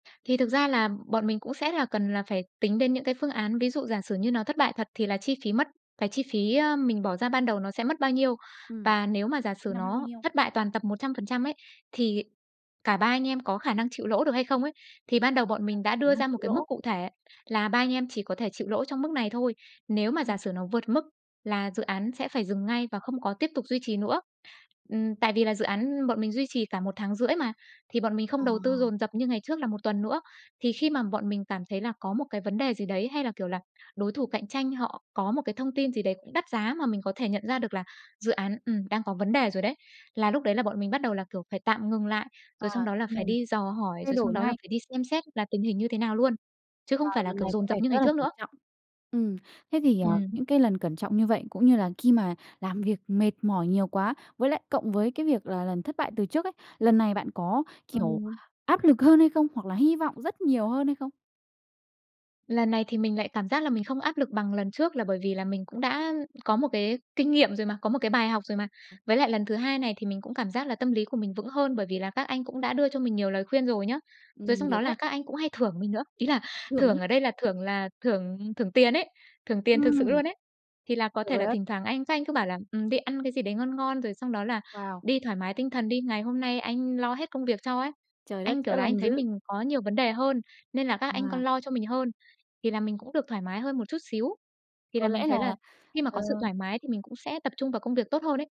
Thì thực ra là bọn mình cũng sẽ là cần là phải tính đến những cái phương án, ví dụ giả sử như nó thất bại thật thì là chi phí mất cái chi phí, á, mình bỏ ra ban đầu nó sẽ mất bao nhiêu. Ừm, Và nếu mà giả tính sử ra mất bao nó nhiêu. thất bại toàn tập 100% ấy, thì cả ba anh em có khả năng chịu lỗ được hay không ấy. Thì ban đầu bọn mình Khả đã đưa năng ra một chịu cái mức lỗ. cụ thể là ba anh em chỉ có thể chịu lỗ trong mức này thôi, nếu mà giả Ừm. sử nó vượt mức là dự án sẽ phải dừng ngay và không có tiếp tục duy trì nữa. Ừm, tại vì là dự án bọn mình duy trì cả 1,5 tháng mà. Thì bọn mình không Ờ. đầu tư dồn dập như ngày trước là 1 tuần nữa. Thì khi mà bọn mình cảm thấy là có một cái vấn đề gì đấy, hay là, kiểu là, đối thủ cạnh tranh họ có một cái thông tin gì đấy cũng đắt giá mà mình có thể nhận ra được là dự án, ừm, đang có vấn đề rồi đấy, là lúc đấy là bọn mình bắt đầu là, kiểu, phải tạm ngừng lại, rồi xong À, đó tạm là phải ngừng. đi dò hỏi, Thay rồi xong đổi đó là ngay. phải đi xem xét là tình hình như thế nào luôn. Chứ Và không phải là, lần kiểu, này có dồn dập vẻ như ngày rất là trước cẩn nữa. trọng. Ừm, thế thì, à, Ừm. những cái lần cẩn trọng như vậy, cũng như là khi mà làm việc mệt mỏi nhiều quá, với lại cộng với cái việc là lần thất bại từ trước ấy, lần này bạn có, kiểu, Ừ. áp lực hơn hay không? Hoặc là hy vọng rất nhiều hơn hay không? Lần này thì mình lại cảm giác là mình không áp lực bằng lần trước là bởi vì là mình cũng đã có một cái kinh nghiệm rồi mà, có một cái bài học rồi mà. Với lại lần thứ hai này thì mình cũng cảm giác là tâm lý của mình vững hơn, bởi vì là các anh cũng đã đưa cho mình nhiều lời khuyên rồi nhá. Rồi Ừm, xong được đó là đấy. các anh cũng hay thưởng mình nữa, ý là Thưởng thưởng nhá. ở đây là thưởng là thưởng thưởng tiền ấy, thưởng tiền thực Ừm. sự luôn ấy. Thì là có Được thể rồi là á. thỉnh thoảng anh các anh cứ bảo là "Ừm, đi ăn cái gì đấy ngon ngon rồi xong đó là Wow! đi thoải mái tinh thần đi. Ngày hôm nay anh lo hết công việc cho" ấy. Trời đất, Anh, kiểu chữa là, anh lành thấy dữ. mình có nhiều vấn đề hơn, nên là các anh À. còn lo cho mình hơn, thì là mình cũng được thoải mái hơn một chút xíu. Thì Có là mình lẽ là, thấy là khi mà ờ có sự thoải mái thì mình cũng sẽ tập trung vào công việc tốt hơn ấy.